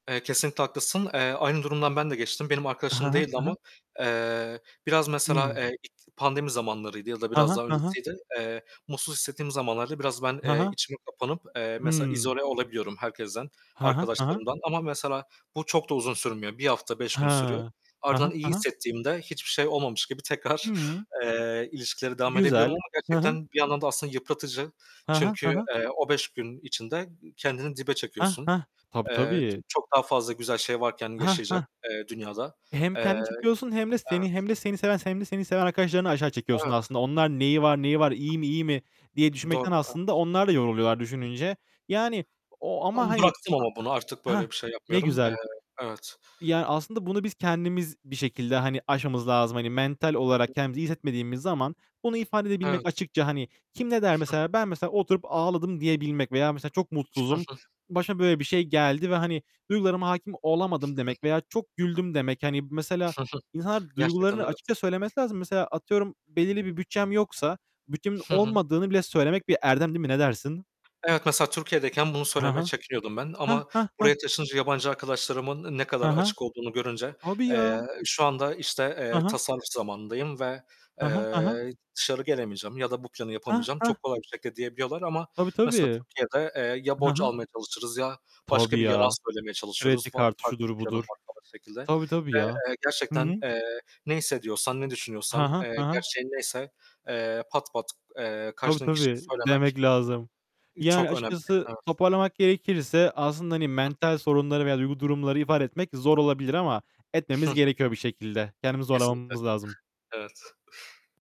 Eee, kesinlikle haklısın. Eee, aynı durumdan ben de geçtim, benim Hı arkadaşım hı, değildi hı hı. ama, eee, biraz mesela, Hı. eee, pandemi zamanlarıydı ya da Ha biraz ha, daha ha ha. öncesiydi, eee, mutsuz hissettiğim zamanlarda biraz ben, Ha eee, ha. içime kapanıp, eee, mesela Hıı. izole olabiliyorum herkesten, Ha ha, ha ha. arkadaşlarımdan ama mesela bu çok da uzun sürmüyor, 1 hafta 5 gün sürüyor. Ha. Hı Ardından hı, iyi hı hı. hissettiğimde hiçbir şey olmamış gibi tekrar, Hıı. eee, ilişkilere devam edebiliyorum Güzel, ama hı hı. gerçekten bir yandan da aslında yıpratıcı Hı hı, hı çünkü, hı. eee, o 5 gün içinde ı kendini dibe Hah, çekiyorsun. hah. Tabii, Eee, ç tabii. çok daha fazla güzel şey varken Hah, yaşayacak, hah. eee, dünyada. Hem Eee, kendini çekiyorsun hem de seni evet, hem de seni seven [unintelligible] seven arkadaşlarını aşağı çekiyorsun Evet. aslında. Onlar neyi var, neyi var, iyi mi, iyi mi diye Doğru, düşünmekten aslında evet. onlar da yoruluyorlar düşününce. Yani o Ben ama hani bıraktım ama bunu artık Hah, böyle bir şey ne yapmıyorum. Eee, güzel. evet. Yani aslında bunu biz kendimiz bir şekilde hani aşmamız lazım. Hani mental Hı olarak hı. kendimizi iyi hissetmediğimiz zaman bunu ifade edebilmek Evet. açıkça, hani, kim ne der mesela? Ben mesela oturup ağladım diyebilmek veya mesela çok mutsuzum, başıma böyle bir şey geldi ve hani duygularıma hâkim olamadım demek veya çok güldüm demek. Hani, mesela insanlar Gerçekten duygularını evet. açıkça söylemesi lazım. Mesela atıyorum belirli bir bütçem yoksa bütçemin Hı hı. olmadığını bile söylemek bir erdem değil mi? Ne dersin? Evet, mesela Türkiye'deyken bunu Hı söylemeye hı. çekiniyordum ben Heh, ama heh, heh. buraya taşınınca yabancı arkadaşlarımın ne Hı kadar hı. açık olduğunu görünce, Tabii eee, ya. şu anda, işte, Hı eee, hı. tasarruf zamanındayım ve, Hı hı, hı hı. eee, dışarı gelemeyeceğim ya da bu planı Heh, yapamayacağım heh. çok kolay bir şekilde diyebiliyorlar ama Tabii, mesela tabii. Türkiye'de, eee, ya Hı borç hı. almaya çalışırız ya başka Tabii bir yalan ya, söylemeye kredi çalışıyoruz [unintelligible] kartı farklı şudur, bir planım budur. var [unintelligible] şekilde Tabii, tabii ve, ya. eee, Hı gerçekten, hı. eee, ne hissediyorsan, ne Hı düşünüyorsan, hı, hı eee, hı. gerçeğin neyse, eee, pat pat, eee, Tabii, karşındaki kişiye tabii söylemek demek lazım. ı Yani çok önemli. açıkçası Evet. toparlamak gerekirse aslında hani [unintelligible] mental sorunları veya duygu durumları ifade etmek zor olabilir ama etmemiz gerekiyor bir şekilde. Kendimizi Kesinlikle, zorlamamız lazım. evet.